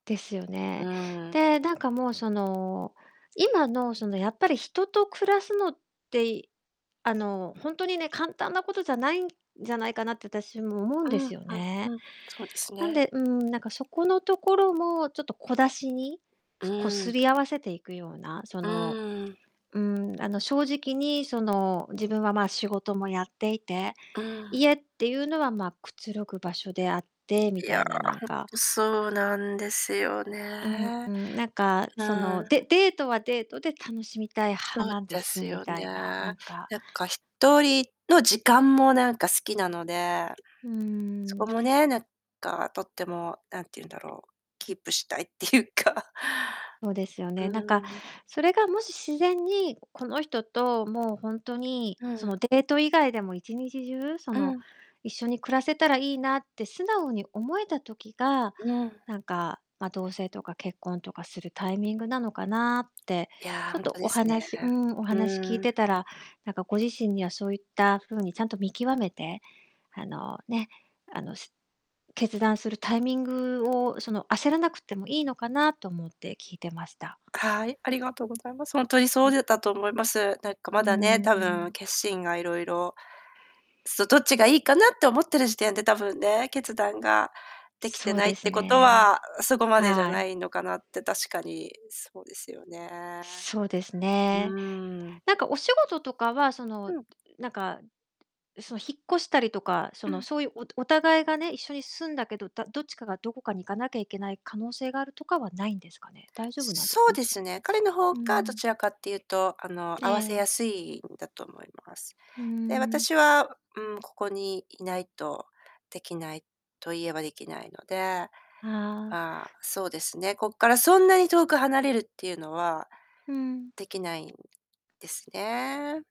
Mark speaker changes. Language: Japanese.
Speaker 1: ですよ
Speaker 2: う
Speaker 1: ね。
Speaker 2: ーん。
Speaker 1: で、なんかもう、その、今の、その、やっぱり人と暮らすのって、い、あの、ほんとにね、簡単なことじゃないんじゃないかなって、あたしも思うん
Speaker 2: う
Speaker 1: で
Speaker 2: んうん
Speaker 1: すよね。
Speaker 2: うん、そうです
Speaker 1: なん
Speaker 2: ね。
Speaker 1: で、うーん、なんかそこのところもちょっと小出しに、
Speaker 2: う
Speaker 1: す、こう、
Speaker 2: ー
Speaker 1: 擦
Speaker 2: ん。
Speaker 1: り合わせていくような、そ
Speaker 2: う
Speaker 1: の、
Speaker 2: ーん。
Speaker 1: うーん、あの、正直に、その、自分は、まあ、仕事もやっていて、
Speaker 2: ああ。
Speaker 1: 家ってゆうのは、ま、くつろぐ場所であってみ
Speaker 2: いや、
Speaker 1: た
Speaker 2: ほん
Speaker 1: いななんか
Speaker 2: と、そうなんですよ
Speaker 1: うん
Speaker 2: ね。
Speaker 1: うん、なんかそ
Speaker 2: な。
Speaker 1: の、でデートはデートで楽しみたい派
Speaker 2: そう
Speaker 1: なんで
Speaker 2: で
Speaker 1: す
Speaker 2: す
Speaker 1: み
Speaker 2: よ
Speaker 1: た
Speaker 2: ね。
Speaker 1: いな、な
Speaker 2: なん
Speaker 1: んか
Speaker 2: か、1人の時間もなんか好きなので、
Speaker 1: う
Speaker 2: そ
Speaker 1: ー
Speaker 2: こ
Speaker 1: ん。
Speaker 2: もね、なんかとっても、なんてゆうんだろう、キープしたいってゆうか
Speaker 1: そうですよ
Speaker 2: う
Speaker 1: ね。なんか
Speaker 2: ーん。
Speaker 1: それが、もし自然に、この人と、もうほんとに、
Speaker 2: う
Speaker 1: そ
Speaker 2: ん。
Speaker 1: の、デート以外でも、1日中そ
Speaker 2: う
Speaker 1: の、
Speaker 2: ん。
Speaker 1: 一緒に暮らせたらいいなって素直に思えた時が、
Speaker 2: うん。
Speaker 1: なんか、ま、同棲とか結婚とかするタイミングなのかなって、
Speaker 2: いや、
Speaker 1: ちょ
Speaker 2: ほ
Speaker 1: っ
Speaker 2: ん
Speaker 1: と、
Speaker 2: とで
Speaker 1: お
Speaker 2: すね。
Speaker 1: 話うーん、お話し聞い
Speaker 2: うん。
Speaker 1: てたら、なんかご自身には、そういった風にちゃんと見極めて、あのね、あの、し決断するタイミングを、その、焦らなくてもいいのかなと思って聞いてました。
Speaker 2: はい、ありがとうございます。ほんとに、そ
Speaker 1: ん。
Speaker 2: うでだと思います。なんか
Speaker 1: う
Speaker 2: まだね、
Speaker 1: ん、
Speaker 2: 多
Speaker 1: う
Speaker 2: 分
Speaker 1: ん。
Speaker 2: 決心がいろいろ、そう、どっちがいいかなって思ってる時点で、多分ね、決断ができて
Speaker 1: そう
Speaker 2: ないっ
Speaker 1: です
Speaker 2: てことは、
Speaker 1: ね。
Speaker 2: う、そこまでじゃ
Speaker 1: は
Speaker 2: な
Speaker 1: い。
Speaker 2: いのかなって、確かにそうですよね。
Speaker 1: そうです
Speaker 2: う
Speaker 1: ね。
Speaker 2: ーん。
Speaker 1: なんか、お仕事とかは、その、
Speaker 2: うん。
Speaker 1: なんか、そ、引っ越したりとか、そ
Speaker 2: う
Speaker 1: の、
Speaker 2: ん。
Speaker 1: そうゆう、おお互いがね、一緒に住んだけど、だどっちかがどこかに行かなきゃいけない可能性があるとかはないんですかね。大丈夫なんです
Speaker 2: そ
Speaker 1: か？
Speaker 2: う
Speaker 1: も
Speaker 2: で
Speaker 1: し
Speaker 2: すね、彼の方
Speaker 1: うん
Speaker 2: がどちらかってゆうと、あの、
Speaker 1: うん。
Speaker 2: 合わせ
Speaker 1: え
Speaker 2: や
Speaker 1: え。
Speaker 2: すいんだと思います。
Speaker 1: う
Speaker 2: で、
Speaker 1: ーん。
Speaker 2: 私はうーん、ここにいないとできない、と言えば、できないので、あ
Speaker 1: ああ。
Speaker 2: あ、そうですね、こっからそんなに遠く離れるってゆうのは、
Speaker 1: うん。
Speaker 2: できないんですね。